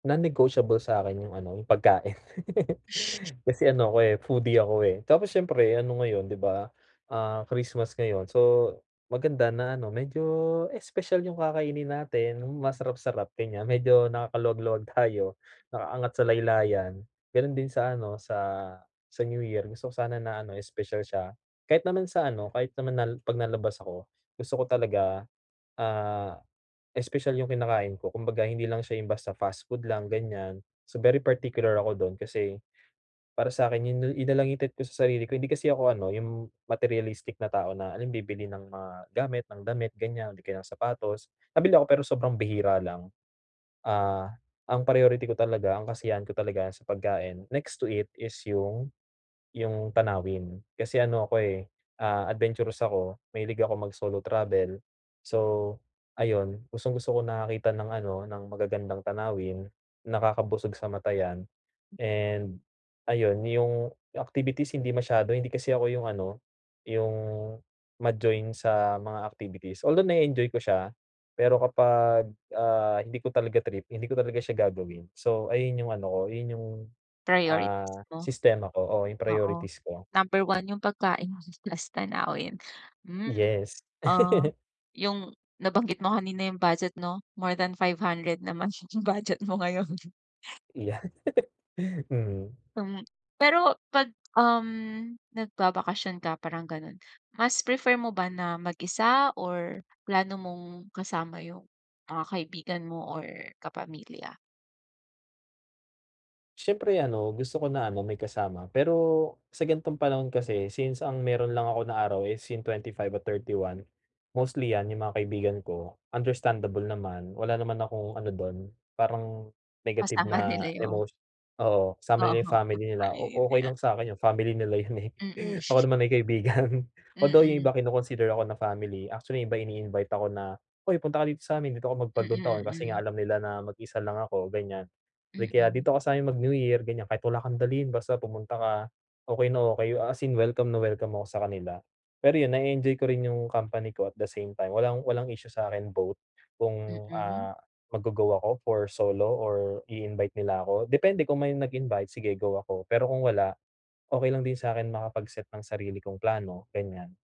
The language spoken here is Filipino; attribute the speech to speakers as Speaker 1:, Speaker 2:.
Speaker 1: Non-negotiable sa'kin yung ano, yung pagkain kasi ano ako, eh, foodie ako, eh, tapos siyempre ano ngayon, 'di ba, ah, Christmas ngayon, so maganda na ano, medyo espesyal yung kakainin natin, yung masarap-sarap, gan'yan. Medyo nakakaluwag-luwag tayo, nakaangat sa laylayan. Gano'n din sa ano, sa sa New Year, gusto ko sana na ano, espesyal siya. Kahit naman sa ano, kahit naman nal pag nalabas ako, gusto ko talaga, ah, espesyal yung kinakain ko kumbaga, hindi lang siya yung basta fast food lang, gan'yan. So very particular ako do'n kasi para sa'kin yun la yun na lang yung treat ko sa sarili ko, eh, hindi kasi ako ano, yung materialistic na tao na alam mo yun, bibili ng mga gamit, ng damit, gan'yan, o di kaya ng sapatos. Mabili ako pero sobrang bihira lang, ah, ang priority ko talaga, ang kasiyahan ko talaga sa pagkain. Next to it is yung yung tanawin, kasi ano ako, eh, ah, adventurous ako, mahilig ako mag-solo travel, so ayon, gustong-gusto ko nakakakita ng ano, ng magagandang tanawin, nakakabusog sa mata, 'yan.
Speaker 2: [unintelligible]
Speaker 1: And ayon, yung activities hindi masyado, hindi kasi ako yung ano, yung ma-join sa mga activities, although na-e-enjoy ko siya, pero kapag, ah, hindi ko talaga trip hindi ko talaga siya gagawin. So ayun yung ano ko, yun yung,
Speaker 2: Priorities
Speaker 1: ah,
Speaker 2: mo?
Speaker 1: sistema ko oo, yung
Speaker 2: Oo,
Speaker 1: priorities ko.
Speaker 2: number 1 yung pagkain plus tanawin. Hmm,
Speaker 1: Yes.
Speaker 2: ah, yung nabanggit mo kanina yung budget 'no, more than 500 naman yung budget mo ngayon.
Speaker 1: Yan. Mhm.
Speaker 2: Hmm, pero pag, um, nagbabakasyon ka parang gano'n, mas prefer mo ba na mag-isa or plano mong kasama yung mga kaibigan mo or kapamilya?
Speaker 1: Siyempre ano, gusto ko na ano may kasama, pero sa gan'tong panahon kasi since ang meron lang ako na araw is yung 25 at 31. Mostly yan yung mga kaibigan ko, understandable naman, wala naman akong ano do'n parang negative
Speaker 2: Kasama
Speaker 1: na
Speaker 2: nila yung
Speaker 1: emotio oo, sama nila yung
Speaker 2: Oo, pag
Speaker 1: family nila, o okey
Speaker 2: pamilya.
Speaker 1: lang sa'kin yun, family nila yun, eh,
Speaker 2: Mm.
Speaker 1: ako naman ay kaibigan. Although yung iba
Speaker 2: Mm.
Speaker 1: kino-consider ako na family, actually yung iba ini-invite ako na, "Uy, punta ka dito sa'min, dito ka
Speaker 2: Mm,
Speaker 1: mag-Bagong-Taon." kasi nga
Speaker 2: mm.
Speaker 1: alam nila na mag-isa lang ako, ganiyan. Like kaya,
Speaker 2: Mm.
Speaker 1: "Dito ka sa'min mag-New-Year," ganiyan, "kahit wala kang dalhin, basta pumunta ka." okey na okey yo as in welcome na welcome ako sa kanila. Pero yun na-e-enjoy ko rin yung company ko at the same time walang walang issue sa'kin both kung,
Speaker 2: Mm?
Speaker 1: ah, mag-go-go ako for solo or i-invite nila ako. Depende kung may nag-invite, sige go ako, pero kung wala, okey lang din sa'kin makapag-set ng sarili kong plano, ganiyan.